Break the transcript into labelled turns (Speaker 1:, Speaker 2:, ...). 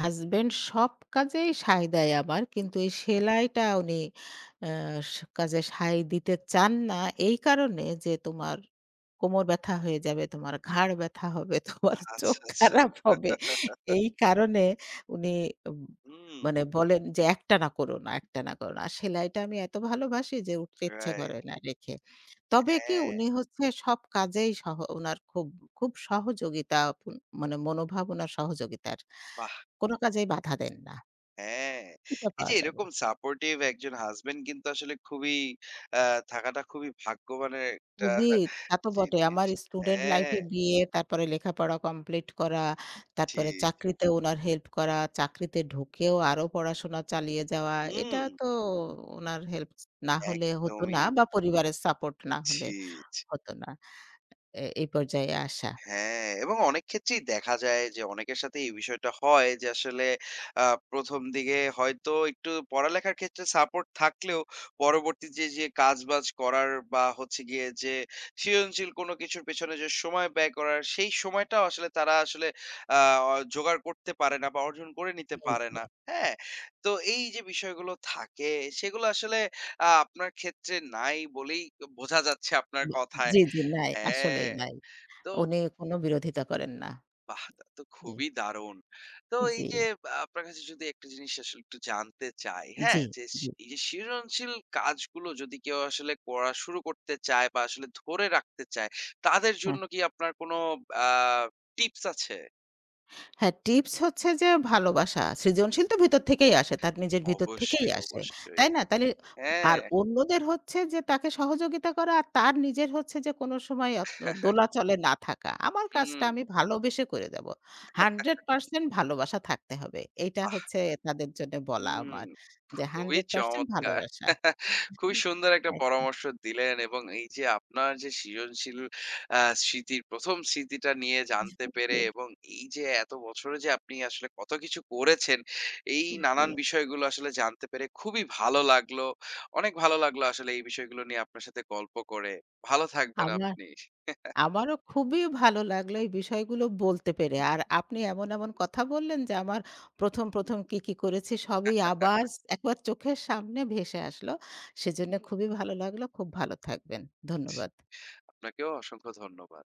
Speaker 1: Husband সব কাজেই সায় দেয় আবার
Speaker 2: হুম,
Speaker 1: কিন্তু এই
Speaker 2: হুম।
Speaker 1: সেলাইটা উনি আ স কাজে সায় দিতে চান না। এই কারণে যে, "তোমার কোমর ব্যাথা হয়ে যাবে, তোমার ঘাড় ব্যাথা হবে, তোমার চোখ
Speaker 2: আচ্ছা, আচ্ছা।
Speaker 1: খারাপ হবে।" এই কারণে উনি আব
Speaker 2: হুম।
Speaker 1: মানে বলেন যে, "একটানা করো না, একটানা করো না।" সেলাইটা আমি এত ভালোবাসি যে উঠতে ইচ্ছা
Speaker 2: রাইট।
Speaker 1: করে না রেখে। তবে কী?
Speaker 2: হ্যাঁ।
Speaker 1: উনি হচ্ছে সব কাজেই সহ উনার খুব খুব সহযোগিতা উম মানে মনোভাবনা সহযোগিতার।
Speaker 2: বাহ!
Speaker 1: কোনো কাজেই বাধা দেন না।
Speaker 2: হ্যাঁ,
Speaker 1: এটা
Speaker 2: এই যে
Speaker 1: পাওয়া যাবে।
Speaker 2: এরকম সাপোর্টিভ একজন হাসব্যান্ড কিন্তু আসলে খুবই আ থাকাটা খুবই ভাগ্যবানের একটা
Speaker 1: খুবই, তা তো বটে।
Speaker 2: জিনিস।
Speaker 1: আমার স্টুডেন্ট
Speaker 2: হ্যাঁ।
Speaker 1: লাইফে গিয়ে, তারপরে লেখাপড়া কমপ্লিট করা,
Speaker 2: জি,
Speaker 1: তারপরে
Speaker 2: জি।
Speaker 1: চাকরিতে উনার হেল্প করা, চাকরিতে ঢুকেও আরো পড়াশোনা চালিয়ে যাওয়া, এটা
Speaker 2: হুম।
Speaker 1: তো উনার হেল্প না হলে হতো না
Speaker 2: একদমই।
Speaker 1: বা পরিবারের সাপোর্ট না হলে
Speaker 2: ছি, ছি।
Speaker 1: হতো না। এ এই পর্যায়ে আসা।
Speaker 2: হ্যাঁ এবং অনেক ক্ষেত্রেই দেখা যায় যে অনেকের সাথেই এই বিষয়টা হয় যে আসলে আ ১ম দিকে হয়তো একটু পড়ালেখার ক্ষেত্রে সাপোর্ট থাকলেও পরবর্তীতে, যে কাজবাজ করার বা হচ্ছে গিয়ে যে সৃজনশীল কোন কিছুর পেছনে যে সময় ব্যয় করার সেই সময়টাও আসলে তারা আসলে আ অ জোগাড় করতে পারে না বা অর্জন করে নিতে
Speaker 1: জি,
Speaker 2: পারে
Speaker 1: জি।
Speaker 2: না, হ্যাঁ? তো এই যে বিষয়গুলো থাকে, সেগুলো আসলে আ আপনার ক্ষেত্রে নাই বলেই বোঝা যাচ্ছে আপনার কথায়।
Speaker 1: জি, জি, নাই, আসলেই
Speaker 2: হ্যাঁ,
Speaker 1: নাই।
Speaker 2: তো
Speaker 1: উনি কোন বিরোধিতা
Speaker 2: হুম।
Speaker 1: করেন না,
Speaker 2: বাহ! তো
Speaker 1: জি।
Speaker 2: খুবই দারুণ। তো এই যে
Speaker 1: জি।
Speaker 2: আ আপনার কাছে যদি একটা জিনিস আসলে একটু জানতে চাই, হ্যাঁ?
Speaker 1: জি,
Speaker 2: যে স
Speaker 1: [unintelligible]
Speaker 2: এই যে সৃজনশীল কাজগুলো যদি কেউ আসলে করা শুরু করতে চায় বা আসলে ধরে রাখতে চায়, তাদের
Speaker 1: হ্যাঁ।
Speaker 2: জন্য কী আপনার কোন আ টিপস আছে?
Speaker 1: হ্যাঁ, টিপস হচ্ছে যে ভালোবাসা। সৃজনশীল তো ভেতর থেকেই আসে তার নিজের ভিতর
Speaker 2: অবশ্যই,
Speaker 1: থেকেই আসে,
Speaker 2: অবশ্যই,
Speaker 1: তাই না? তাইলে আর
Speaker 2: হ্যাঁ।
Speaker 1: অন্যদের হচ্ছে যে তাকে সহযোগিতা করা আর তার নিজের হচ্ছে যে কোন সময় আ ত দোলাচলে না থাকা। আমার কাজটা
Speaker 2: হুম।
Speaker 1: আমি ভালোবেসে করে দেব। Hundred percent ভালোবাসা থাকতে হবে। এইটা
Speaker 2: বাহ!
Speaker 1: হচ্ছে তাদের জন্য বলা
Speaker 2: হুম,
Speaker 1: আমার যে,
Speaker 2: খুবই
Speaker 1: ১০০%
Speaker 2: চমৎকার
Speaker 1: ভালোবাসা।
Speaker 2: খুবই সুন্দর একটা
Speaker 1: একদম।
Speaker 2: পরামর্শ দিলেন এবং এই যে আপনার যে সৃজনশীল আ স্মৃতির ১ম স্মৃতিটা নিয়ে জানতে পেরে
Speaker 1: জি।
Speaker 2: এবং এই যে এত বছরে যে আপনি আসলে কত কিছু করেছেন এই নানান
Speaker 1: জি।
Speaker 2: বিষয়গুলো আসলে জানতে পেরে খুবই ভালো লাগলো। অনেক ভালো লাগলো আসলে এই বিষয়গুলো নিয়ে আপনার সাথে গল্প করে। ভালো থাকবেন
Speaker 1: আমার
Speaker 2: আপনি।
Speaker 1: আমারও খুবই ভালো লাগলো এই বিষয়গুলো বলতে পেরে আর আপনি এমন, এমন কথা বললেন যে, আমার ১ম, ১ম কী, কী করেছি সবই আবার ১ বার চোখের সামনে ভেসে আসলো, সেজন্য খুবই ভালো লাগলো। খুব ভালো থাকবেন ধন্যবাদ।
Speaker 2: আপনাকেও অসংখ্য ধন্যবাদ।